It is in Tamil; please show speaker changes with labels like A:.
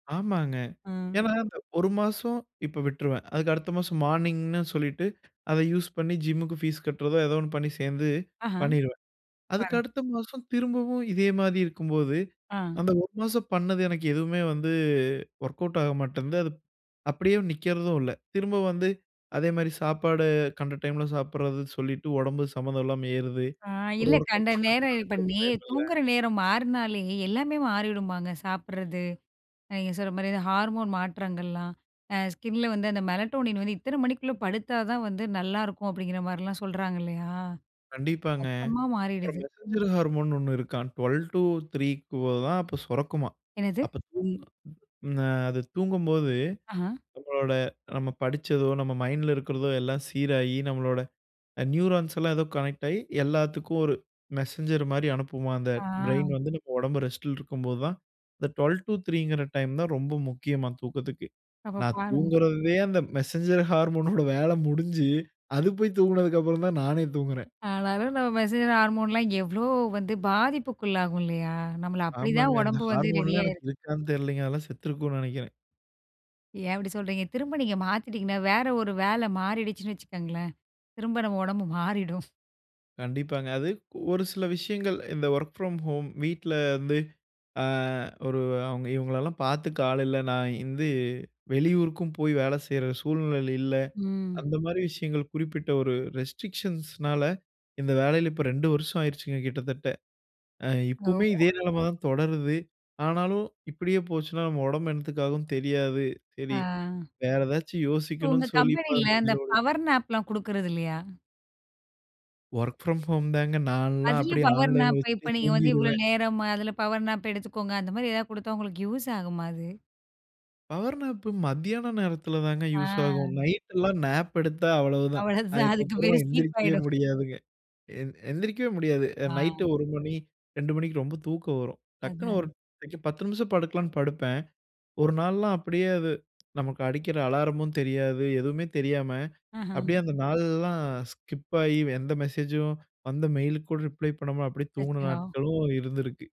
A: ஆமாங்க.
B: ம்.
A: ஏன்னா, அந்த 1 மாசம், இப்ப விட்டுருவன். அதுக்கு, அடுத்த மாசம் மார்னிங்னு சொல்லிட்டு, அத யூஸ் பண்ணி ஜிம்முக்கு ஃபீஸ் கட்டுறதோ, ஏதோ ஒண்ணு பண்ணி, சேர்ந்து
B: ஆஹ.
A: பண்ணிருவேன். அதுக்கு
B: பாரன்.
A: அடுத்த மாசம் திரும்பவும் இதே மாதி இருக்கும்போது,
B: ஆ.
A: அந்த 1 மாசம் பண்ணது எனக்கு எதுவுமே வந்து ஒர்க் அவுட் ஆக மாட்டன்து. அது அப்படியே நிக்கறதும் இல்லை, திரும்ப வந்து, அதே மாரி சாப்பாடு கண்ட டைமில சாப்படறது சொல்லிட்டு, உடம்பு சம்பந்தம் இல்லாம ஏறுது.
B: ஆ.
A: ஒரு
B: இல்ல
A: ஒர்க்
B: கண்ட
A: அவுட்
B: நேரம் இப்ப
A: பண்லாம்னாலும்
B: நே
A: டைமில்ல.
B: தூங்குற நேரம் மாறுனாலே, எல்லாமே மாறிடுமாங்க, சாப்படறது, நீங்க சொல்ற மாரி, இந்த ஹார்மோன் மாற்றங்கள்லாம் அ ஸ்கின்ல வந்து அந்த மெலடோனின் வந்து, இத்தனை மணிக்குள்ள படுத்தாதான் வந்து நல்லாருக்கும், அப்படிங்கிற மாரிலாம் சொல்றாங்க, இல்லயா,
A: கண்டிப்பாங்க.
B: மொத்தமா
A: அப்பறம்,
B: மாறிடுது.
A: மெசெஞ்சர் ஹார்மோன்னு ஒண்ணு இருக்காம். 12:00 டு 3:00 க்குள்ள தான் அப்ப சொறக்குமாம்.
B: என்னது?
A: அப்ப, தூங் அது தூங்கும்போது
B: அஹான்.
A: நம்மளோட நம்ம படிச்சதோ, நம்ம மைண்ட்ல இருக்கிறதோ, எல்லாம் சீராகி நம்மளோட நியூரான்ஸ் எல்லாம் ஏதோ கனெக்ட் ஆகி எல்லாத்துக்கும் ஒரு மெசெஞ்சர் மாரி அனுப்புமாம், அந்த
B: ஆ.
A: ப்ரெயின் வந்து நம்ம உடம்பு ரெஸ்ட்டில இருக்கும்போதுதான், இந்த 12:00 டு 3:00ங்கிற டைம்தா ரொம்ப முக்கியமாம் தூக்கத்துக்கு.
B: அப்ப
A: நான்
B: பாருங்க!
A: தூங்கறதே அந்த மெசெஞ்சர் ஹார்மோனோட வேலை முடிஞ்சி, அது போய் தூங்குனதுக்கு அப்பறம்தா நானே தூங்குறன்.
B: ஆனாலும், நம்ம மெசெஞ்சர் ஹார்மோன்லாம் எவ்வளோ வந்து பாதிப்புக்குள்ளாகும் இல்லையா, நம்மள அப்படிதா
A: ஆமாங்க. அந்த
B: உடம்பு வந்து, ரெடி
A: ஹார்மோன்லாம்
B: ஆயிருக்கு.
A: எனக்கு இருக்கான் தெரிலீங்க. அதெல்லாம் செத்திருக்குன்னு நெனக்கிறன்.
B: ஏன், அப்படி சொல்றீங்க? திரும்ப நீங்க மாத்திட்டிங்கனா, வேற ஒரு வேல மாறிடுச்சுன்னு வச்சுக்கங்களேன், திரும்ப நம்ம உடம்பு மாறிடும்.
A: கண்டிப்பாங்க. அது, ஒரு சில விஷயங்கள், இந்த வொர்க் ஃப்ரம் ஹோம் வீட்ல வந்து, அ ஒரு அவங்க இவங்களலாம் பாத்துக்க ஆள் இல்ல. நான் வந்து வெளியூருக்கும் போய், வேலை செய்ற சூழ்நிலையில இல்ல.
B: ம்.
A: அந்த மாரி விஷயங்கள் குறிப்பிட்ட ஒரு ரெஸ்ட்ரிக்ஷன்ஸ்னால இந்த வேலையில இப்போ 2 வருஷம் ஆயிடுச்சுங்க, கிட்டத்தட்ட. அ
B: ஓ!
A: இப்புமே, இதே நெலமதான் தொடருது. ஆனாலும், இப்படியே போச்சுனா, நம்ம உடம்பு என்னத்துக்காகும் தெரியாது. செரி,
B: அ.
A: வேற ஏதாச்சு
B: உங்க
A: யோசிக்கணும்னு சொல்லி இப்ப
B: கம்பெனியில அந்த
A: மண்டைல ஓடுது.
B: பவர் நாப்பலாம் குடுக்கறது இல்லயா?
A: வொர்க் ஃப்ரம் ஹோம் தாங்க! நான்லாம்
B: அதிலயும்,
A: அப்படியே
B: பவர்
A: ஆன்லைன்ல
B: நாப்பு
A: வச்சுட்டே
B: இப்ப நீங்க வந்து, இவ்வளோ
A: தூங்கிருவேன்.
B: நேரம்! அதில பவர் நாப் எடுத்துக்கோங்க. அந்த மாரி, ஏதாவது கொடுத்தா உங்களுக்கு யூஸ் ஆகுமா அது?
A: பவர் நாப்பு மத்தியான நேரத்தில தாங்க யூஸு
B: அ.
A: ஆகும். நைட் எல்லாம் நாப் எடுத்தா அவ்வளவுதான்,
B: அவ்வளவுதான். அதுக்கு
A: அதுக்கப்புறம்,
B: பேரு ஸ்லீப்
A: எந்திரிக்கவே
B: ஆயிடும்!
A: முடியாதுங்க. எ எந்திரிக்கவே முடியாது. நைட்
B: ஆ.
A: 1 மணி, 2 மணிக்கு ரொம்ப தூக்கம் வரும். டக்குன்னு ஒரு
B: அதான்.
A: 10 நிமிஷம் படுக்கலானு படுப்பன். 1 நாள்லா, அப்டியே அது நமக்கு அடிக்கிற அலாரமும் தெரியாது. எதுவுமே தெரியாம
B: அஹா!
A: அப்படியே அந்த நாள்லாம் ஸ்கிப் ஆகி எந்த மெசேஜ்ஜூம் வந்த மெயிலுக்கு கூட ரிப்ளை பண்ணாம அப்படியே, தூங்குன
B: அச்சோ!
A: நாட்களும் இருந்திருக்கு!